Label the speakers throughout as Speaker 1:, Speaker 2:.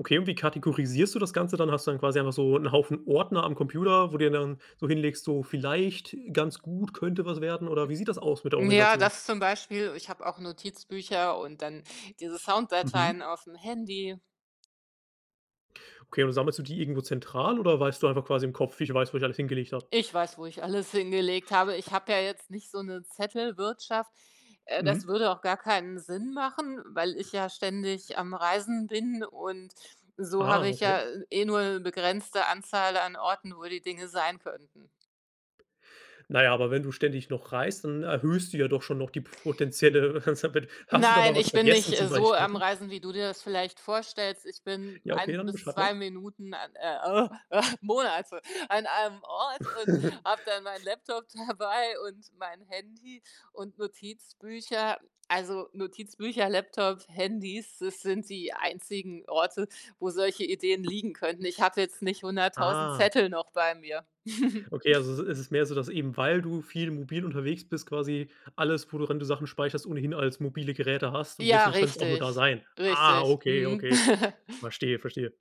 Speaker 1: Okay, und wie kategorisierst du das Ganze dann? Hast du dann quasi einfach so 'n Haufen Ordner am Computer, wo du dann so hinlegst, so: „Vielleicht ganz gut, könnte was werden." oder wie sieht das aus mit der
Speaker 2: Ja,
Speaker 1: Organisation?
Speaker 2: das zum Beispiel ich habe auch Notizbücher und dann diese
Speaker 1: Mhm.
Speaker 2: Sounddateien auf'm Handy.
Speaker 1: Okay, und sammelst du die irgendwo zentral oder weißt du einfach quasi im Kopf: „Ich weiß, wo ich alles hingelegt habe?”
Speaker 2: Ich weiß, wo ich alles hingelegt habe. Ich habe ja jetzt nicht so 'ne Zettelwirtschaft äh, das
Speaker 1: Mhm.
Speaker 2: würde auch gar keinen Sinn machen, weil ich ja ständig am Reisen bin und so
Speaker 1: Ah,
Speaker 2: habe ich
Speaker 1: okay.
Speaker 2: ja eh nur begrenzte Anzahl an Orten, wo die Dinge sein könnten.
Speaker 1: Na ja, aber wenn du ständig noch reist, dann erhöhst du ja doch schon noch die potenzielle [unintelligible] hast du da
Speaker 2: Nein,
Speaker 1: mal was
Speaker 2: ich bin nicht,
Speaker 1: vergessen
Speaker 2: äh,
Speaker 1: zum
Speaker 2: so am
Speaker 1: Beispiel?
Speaker 2: Reisen, wie du dir das vielleicht vorstellst. Ich bin
Speaker 1: Ja, okay,
Speaker 2: 1
Speaker 1: dann
Speaker 2: bis
Speaker 1: beschreibe
Speaker 2: 2
Speaker 1: mal.
Speaker 2: Minuten an äh äh, Monate an einem Ort und habe dann meinen Laptop dabei und mein Handy und Notizbücher. Also Notizbücher, Laptop, Handys, das sind die einzigen Orte, wo solche Ideen liegen könnten i ch hatte jetzt nicht 100.0000
Speaker 1: Ah.
Speaker 2: Zettel noch bei mir.
Speaker 1: Okay, also i ist es mehr so, dass eben, weil du viel mobil unterwegs bist, quasi alles, wo du, wenn du Sachen speicherst ohnehin als mobile Geräte hast, und
Speaker 2: Ja,
Speaker 1: deswegen könnte es auch nur
Speaker 2: richtig,
Speaker 1: da sein. Ah,
Speaker 2: richtig.
Speaker 1: okay,
Speaker 2: Mhm.
Speaker 1: okay. Verstehe, verstehe.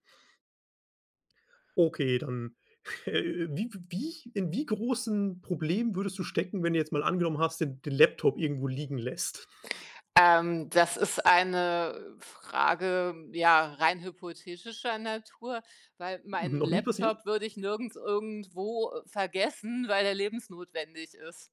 Speaker 1: Okay, dann, äh, wi wie in wie großen Problemen würdest du stecken, wenn du jetzt mal angenommen hast, den den Laptop irgendwo liegen lässt?
Speaker 2: Ähm, das ist eine Frage, ja, rein hypothetischer Natur, weil meinen
Speaker 1: Noch nie passiert?
Speaker 2: Laptop würde ich nirgends irgendwo vergessen, weil der lebensnotwendig ist.